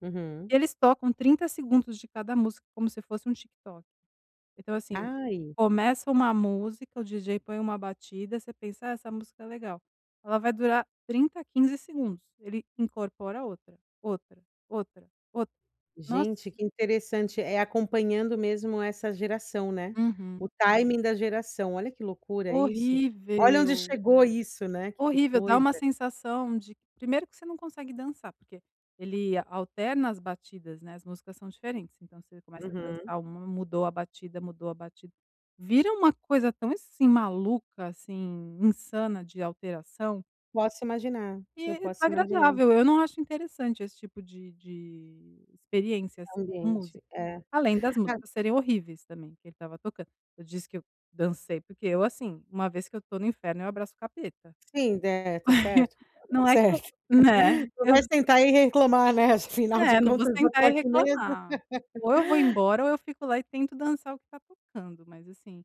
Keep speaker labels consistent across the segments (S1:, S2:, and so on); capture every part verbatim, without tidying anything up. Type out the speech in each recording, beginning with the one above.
S1: Uhum.
S2: Eles tocam trinta segundos de cada música, como se fosse um TikTok. Então, assim,
S1: Ai.
S2: começa uma música. O DJ põe uma batida, você pensa: “É, essa música é legal”. Ela vai durar trinta a quinze segundos. Ele incorpora outra, outra, outra, outra. Nossa.
S1: Gente, que interessante. É acompanhando mesmo essa geração, né?
S2: Uhum.
S1: O timing da geração. Olha que loucura isso. Olha onde
S2: Horrível.
S1: chegou isso, né. Que
S2: Horrível. Dá
S1: coisa.
S2: uma sensação de primeiro que você não consegue dançar, porque ele alterna as batidas, né? As músicas são diferentes. Então você começa a
S1: Uhum.
S2: dançar uma, mudou a batida mudou a batida. Vira uma coisa tão, assim, maluca, assim. Insana de alteração
S1: Posso imaginar. Eu
S2: e
S1: posso imaginar.
S2: desagradável. Eu não acho interessante esse tipo de de experiência, assim,
S1: É
S2: com
S1: ambiente.
S2: música.
S1: É.
S2: Além das
S1: Ah
S2: músicas serem horríveis também que ele estava tocando. Eu disse que eu dancei, porque eu, assim, uma vez que eu estou no inferno, eu abraço o capeta.
S1: Sim, de tá certo.
S2: Não é que eu
S1: Certo.
S2: né?
S1: Não
S2: Eu
S1: vai sentar e reinclomar, né. Afinal de
S2: É, não vou
S1: contas, já
S2: sentar
S1: está
S2: e
S1: aqui mesmo.
S2: reclamar. Ou eu vou embora, ou eu fico lá e tento dançar o que tá tocando. Mas assim,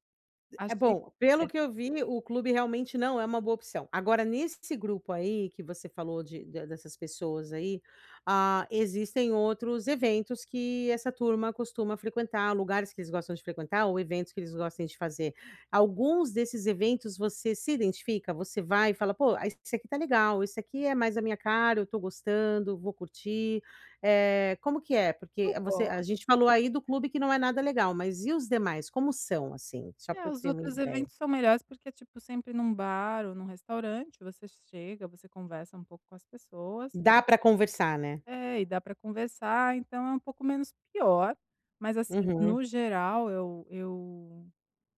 S1: E é
S2: achei
S1: bom. Pelo
S2: péssimo.
S1: que eu vi, o clube realmente não é uma boa opção. Agora, nesse grupo aí que você falou de da dessas pessoas aí, ah, existem outros eventos que essa turma costuma frequentar. Lugares que eles gostam de frequentar, ou eventos que eles gostem de fazer. Alguns desses eventos você se identifica? Você vai e fala: “Pô, ah, esse aqui está legal. Esse aqui é mais a minha cara. Eu estou gostando, vou curtir”, eh, como que é? Porque
S2: Eu
S1: você a
S2: gos
S1: gente falou aí do clube que não é nada legal. Mas e os demais? Como são, assim? Só
S2: É,
S1: pra eu
S2: os
S1: ter uma
S2: outros
S1: ideia.
S2: eventos são melhores, porque, tipo, sempre em um bar ou em um restaurante, você chega, você conversa um pouco com as pessoas.
S1: Dá para conversar, né?
S2: É, e dá pra conversar. Então é um pouco menos pior. Mas, assim,
S1: Uhum.
S2: no geral, eu eu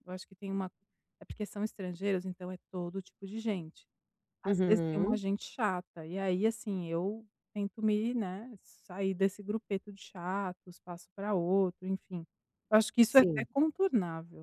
S2: eu acho que tem uma é porque são estrangeiros. Então é todo tipo de gente. Às vezes, tem uma
S1: Uhum.
S2: gente chata. E aí, assim, eu tento me né, sair desse grupeto de chatos. Passo pra outro, enfim. Eu acho que isso é até
S1: Sim.
S2: contornável.